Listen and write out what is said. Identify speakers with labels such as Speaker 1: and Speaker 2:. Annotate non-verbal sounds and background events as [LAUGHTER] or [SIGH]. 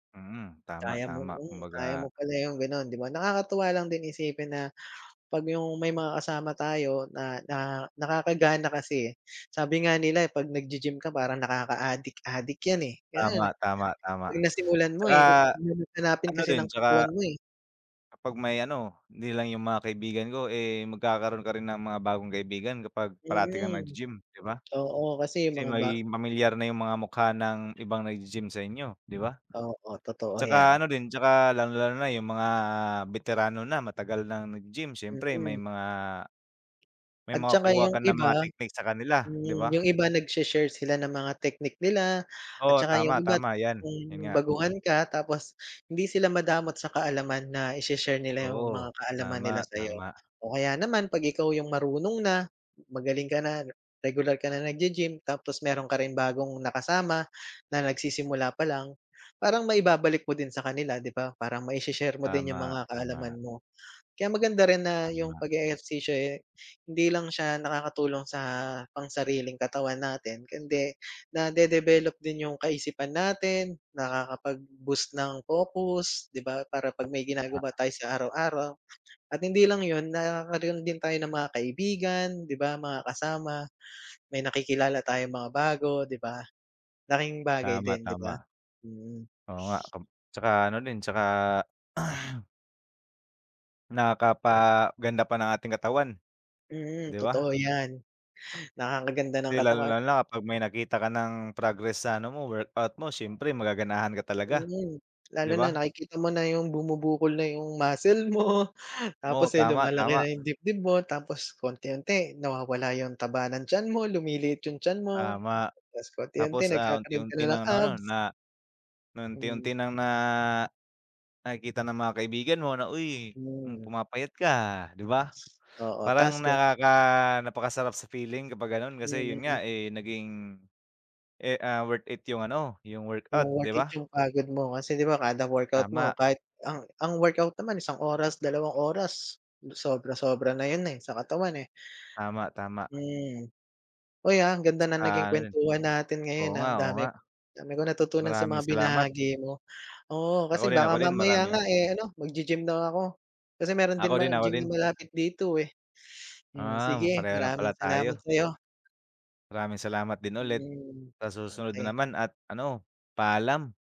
Speaker 1: Hmm, tama,
Speaker 2: Kaya mong
Speaker 1: tama
Speaker 2: hmm, kaya
Speaker 1: kumbaga.
Speaker 2: mo pala yung ganon, di ba. Nakakatuwa lang din isipin na, pag yung may mga kasama tayo na na nakakagana kasi eh, sabi nga nila pag naggi-gym ka parang nakakaadik adik yan, eh, ganun.
Speaker 1: Tama. Tama, tama.
Speaker 2: Pag nasimulan mo
Speaker 1: Tsaka
Speaker 2: eh, hahanap-hanapin
Speaker 1: ano
Speaker 2: kasi
Speaker 1: din,
Speaker 2: ng
Speaker 1: tsaka,
Speaker 2: katawan mo, eh.
Speaker 1: kapag may ano, hindi lang yung mga kaibigan ko eh, magkakaroon ka rin ng mga bagong kaibigan kapag parati kang
Speaker 2: Mm.
Speaker 1: naggi-gym, di ba?
Speaker 2: Oo, kasi
Speaker 1: Kasi
Speaker 2: mga ba
Speaker 1: magiging pamilyar na yung mga mukha ng ibang naggi-gym sa inyo, di ba?
Speaker 2: Oo, totoo
Speaker 1: Tsaka
Speaker 2: yan.
Speaker 1: ano din, tsaka lalong-lalo na yung mga beterano na matagal ng naggi-gym, siyempre may
Speaker 2: Mm.
Speaker 1: mga, may
Speaker 2: At saka
Speaker 1: makukuha
Speaker 2: yung
Speaker 1: ka ng
Speaker 2: iba,
Speaker 1: mga technique sa kanila, di ba?
Speaker 2: yung iba nagseshare sila ng mga technique nila, at
Speaker 1: Oo.
Speaker 2: saka yung
Speaker 1: Tama,
Speaker 2: iba
Speaker 1: tama yan. Yun
Speaker 2: kung
Speaker 1: nga.
Speaker 2: baguhan ka, tapos hindi sila madamot sa kaalaman na i-she-share nila yung
Speaker 1: Oo,
Speaker 2: mga kaalaman nila
Speaker 1: tama,
Speaker 2: sa'yo.
Speaker 1: tama.
Speaker 2: O kaya naman pag ikaw yung marunong na, magaling ka na, regular ka na naggi-gym, tapos meron ka ring bagong nakasama, na nagsisimula pa lang, parang maibabalik mo din sa kanila, di ba? Parang mai-she-share mo din yung
Speaker 1: Tama,
Speaker 2: mga
Speaker 1: tama.
Speaker 2: kaalaman mo. Kaya maganda rin na yung
Speaker 1: Tama.
Speaker 2: page-ehersisyo eh, hindi lang siya nakakatulong sa pang-sariling katawan natin kundi, nadedebelop din yung kaisipan natin, nakakapag-boost ng focus, di ba? Para pag may
Speaker 1: Tama.
Speaker 2: ginagawa tayo sa araw-araw, at hindi lang yun nagkakaroon din tayo ng mga kaibigan, di ba, mga kasama, may nakikilala tayong mga bago, di ba? Laking bagay
Speaker 1: Tama,
Speaker 2: din, di ba?
Speaker 1: tama.
Speaker 2: Mm.
Speaker 1: Oo nga, kam tsaka ano din, tsaka [CLEARS THROAT] Nakapaganda pa ng ating katawan,
Speaker 2: Mm,
Speaker 1: di ba?
Speaker 2: totoo yan, nakakaganda ng
Speaker 1: 'Di
Speaker 2: katawan.
Speaker 1: lalong-lalo na kapag may nakita ka ng progress sa ano mo, workout mo, siyempre magaganahan ka talaga,
Speaker 2: Mm. Lalo
Speaker 1: di
Speaker 2: na
Speaker 1: ba?
Speaker 2: nakikita mo na yung bumubukol na yung muscle mo,
Speaker 1: Oo.
Speaker 2: tapos eh,
Speaker 1: Tama,
Speaker 2: lumalaki
Speaker 1: tama.
Speaker 2: na yung dibdib mo, tapos paunti-unti nawawala yung taba ng tiyan mo, lumiliit yung tiyan mo,
Speaker 1: Tama,
Speaker 2: tapos paunti-unti
Speaker 1: tapos, ah,
Speaker 2: nagkakaroon ka na
Speaker 1: unti-unti
Speaker 2: ng
Speaker 1: nang ano
Speaker 2: abs.
Speaker 1: na,
Speaker 2: Mm.
Speaker 1: unti-unti nang na nakikita ng mga kaibigan mo na, "Uy
Speaker 2: Hmm.
Speaker 1: pumapayat ka, ah, di ba?
Speaker 2: Oo, tas
Speaker 1: Parang
Speaker 2: ka
Speaker 1: nakaka napakasarap sa feeling kapag ganon
Speaker 2: Hmm,
Speaker 1: kasi yun
Speaker 2: mm.
Speaker 1: nga eh, naging, eh, ah, worth it yung ano yung
Speaker 2: Yung
Speaker 1: workout,
Speaker 2: worth
Speaker 1: di
Speaker 2: it
Speaker 1: ba?
Speaker 2: yung pagod mo, kasi di ba, kada workout mo,
Speaker 1: Tama.
Speaker 2: kahit ang ang workout naman isang oras, dalawang oras, sobra-sobra na yun eh, sa katawan, eh.
Speaker 1: Tama, tama.
Speaker 2: Hmm, uy ah, ang ganda
Speaker 1: Tsaka
Speaker 2: ng naging
Speaker 1: ano rin.
Speaker 2: kuwentuhan natin ngayon
Speaker 1: Oo
Speaker 2: ah,
Speaker 1: nga
Speaker 2: ang
Speaker 1: oo nga.
Speaker 2: dami-dami kong natutunan sa
Speaker 1: Maraming
Speaker 2: mga
Speaker 1: salamat.
Speaker 2: binahagi mo. Oo,
Speaker 1: Ako
Speaker 2: kasi
Speaker 1: rin ako
Speaker 2: baka
Speaker 1: rin,
Speaker 2: mamaya nga
Speaker 1: maraming
Speaker 2: eh, ano maggi-gym na ako, kasi meron
Speaker 1: Ako
Speaker 2: din
Speaker 1: din ako
Speaker 2: gym na
Speaker 1: din.
Speaker 2: malapit dito, eh. Hmm,
Speaker 1: Uhm,
Speaker 2: sige,
Speaker 1: pareho lang
Speaker 2: maraming
Speaker 1: pala
Speaker 2: salamat
Speaker 1: tayo.
Speaker 2: sa'yo.
Speaker 1: Maraming salamat din ulit.
Speaker 2: Hmm.
Speaker 1: Sa susunod na
Speaker 2: Okey.
Speaker 1: naman at ano, paalam.